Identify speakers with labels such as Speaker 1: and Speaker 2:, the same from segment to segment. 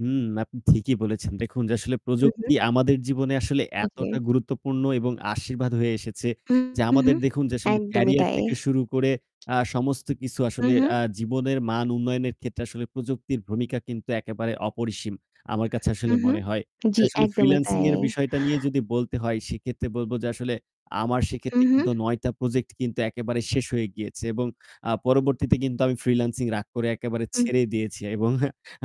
Speaker 1: হুম, আপনি ঠিকই বলেছেন। দেখুন যে আসলে
Speaker 2: হুম,
Speaker 1: প্রযুক্তি
Speaker 2: হুম।
Speaker 1: আমাদের জীবনে আসলে
Speaker 2: উ জি।
Speaker 1: এতটা গুরুত্বপূর্ণ এবং আশীর্বাদ হয়ে এসেছে
Speaker 2: হুম,
Speaker 1: যে আমাদের
Speaker 2: হুম।
Speaker 1: দেখুন যে আসলে
Speaker 2: একদমই
Speaker 1: career
Speaker 2: তাই।
Speaker 1: থেকে শুরু করে আ সমস্ত কিছু
Speaker 2: হুম,
Speaker 1: আসলে
Speaker 2: হুম।
Speaker 1: আ জীবনের মান উন্নয়নের ক্ষেত্রে আসলে প্রযুক্তির ভূমিকা কিন্তু একেবারে অপরিসীম। আমার কাছে আসলে
Speaker 2: হুম, হুম।
Speaker 1: মনে হয়। যে
Speaker 2: জি,
Speaker 1: আসলে
Speaker 2: একদমই
Speaker 1: freelancing
Speaker 2: তাই।
Speaker 1: এর বিষয়টা নিয়ে যদি বলতে হয়। সেক্ষেত্রে বলব যে আসলে আমার
Speaker 2: হুম,
Speaker 1: সেক্ষেত্রে
Speaker 2: হুম।
Speaker 1: কিন্তু ৯ টা project কিন্তু একেবারে শেষ হয়ে গিয়েছে। এবং আ পরবর্তীতে কিন্তু আমি freelancing রাগ করে একেবারে
Speaker 2: [unintelligible]
Speaker 1: ছেড়ে দিয়েছি এবং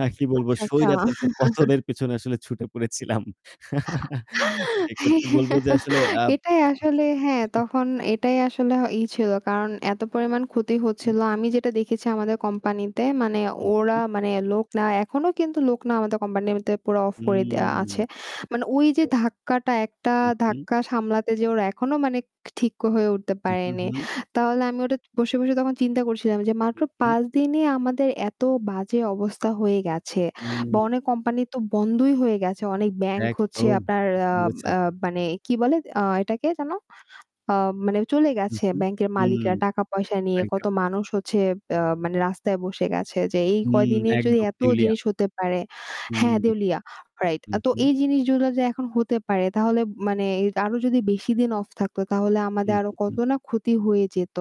Speaker 1: আ কি বলব
Speaker 2: আচ্ছা, আচ্ছা।
Speaker 1: সইরাচার কে পতনের পিছনে আসলে ছুটে পড়েছিলাম। সেক্ষেত্রে বলব যে আসলে আব
Speaker 2: এটাই আসলে হ্যাঁ, তখন এটাই আসলে ই ছিল। কারণ এত পরিমাণ ক্ষতি হচ্ছিল। আমি যেটা দেখেছি আমাদের কোম্পানিতে মানে ওরা
Speaker 1: উহু।
Speaker 2: মানে লোকরা এখনও কিন্তু লোক না। আমাদের কোম্পানিতে পুরা off
Speaker 1: উ
Speaker 2: করে দেওয়া আছে।
Speaker 1: [unintelligible]
Speaker 2: মানে ঐ যে ধাক্কাটা, একটা
Speaker 1: উহু।
Speaker 2: ধাক্কা সামলাতে যে ওরা এখনও মানে ক ঠিক হয়ে উঠতে
Speaker 1: উ
Speaker 2: পারে
Speaker 1: হু,
Speaker 2: নি।
Speaker 1: হু।
Speaker 2: তাহলে আমি ওটা বসে, বসে, তখন চিন্তা করছিলাম যে মাত্র
Speaker 1: উহু।
Speaker 2: ৫ দিনে আমাদের এত বাজে অবস্থা হয়ে গেছে।
Speaker 1: উ
Speaker 2: বা অনেক কোম্পানি তো বন্ধই হয়ে গেছে। অনেক ব্যাংক হচ্ছে
Speaker 1: একদম
Speaker 2: আপনার
Speaker 1: ঠিকই
Speaker 2: আ
Speaker 1: বলেছেন।
Speaker 2: আ মানে কি বলে আ এটাকে যেন? আ মানে চলে
Speaker 1: উহু
Speaker 2: গেছে ব্যাংকের
Speaker 1: হু,
Speaker 2: মালিকরা টাকা পয়সা নিয়ে। কত
Speaker 1: ওয়েলকাম।
Speaker 2: মানুষ হচ্ছে আ মানে রাস্তায় বসে গেছে। যে এই
Speaker 1: হুম,
Speaker 2: কয়দিনে যদি
Speaker 1: একদম
Speaker 2: এত
Speaker 1: দেউলিয়া।
Speaker 2: জিনিস হতে পারে
Speaker 1: হু।
Speaker 2: হ্যাঁ দেউলিয়া, right. আ তো
Speaker 1: উহু।
Speaker 2: এই জিনিসগুলো যে এখন হতে পারে তাহলে মানে এ আরো যদি বেশি দিন off থাকতো তাহলে আমাদের
Speaker 1: উহু,
Speaker 2: আরো কত
Speaker 1: হু।
Speaker 2: না ক্ষতি হয়ে যেত।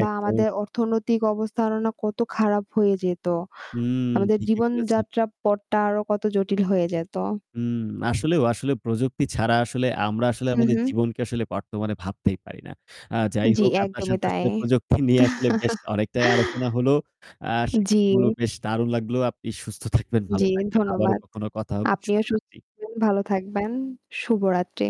Speaker 2: বা আমাদের অর্থনৈতিক অবস্থা আরো না কত খারাপ হয়ে যেত।
Speaker 1: হুম,
Speaker 2: আমাদের
Speaker 1: ঠিকই বলেছেন।
Speaker 2: জীবনযাত্রা পথটা আরো কত জটিল হয়ে যেত।
Speaker 1: উম আসলেও আসলে প্রযুক্তি ছাড়া আসলে আমরা আসলে
Speaker 2: হু,
Speaker 1: আমাদের
Speaker 2: হু।
Speaker 1: জীবনকে আসলে বর্তমানে ভাবতেই পারি না। আ যাই
Speaker 2: জি,
Speaker 1: হোক, আপনার
Speaker 2: একদমই
Speaker 1: সাথে
Speaker 2: তাই।
Speaker 1: আসলে প্রযুক্তি নিয়ে আসলে বেশ অনেকটাই আলোচনা হলো। আ
Speaker 2: জি।
Speaker 1: সেক্ষেত্রে [unintelligible] বেশ দারুন লাগলো। আপনি সুস্থ থাকবেন, ভালো
Speaker 2: জি,
Speaker 1: থাকবেন। আবারও
Speaker 2: ধন্যবাদ।
Speaker 1: কখনো কথা হবে।
Speaker 2: আপনিও সুস্থ
Speaker 1: শুভরাত্রি।
Speaker 2: ভালো থাকবেন। শুভরাত্রি।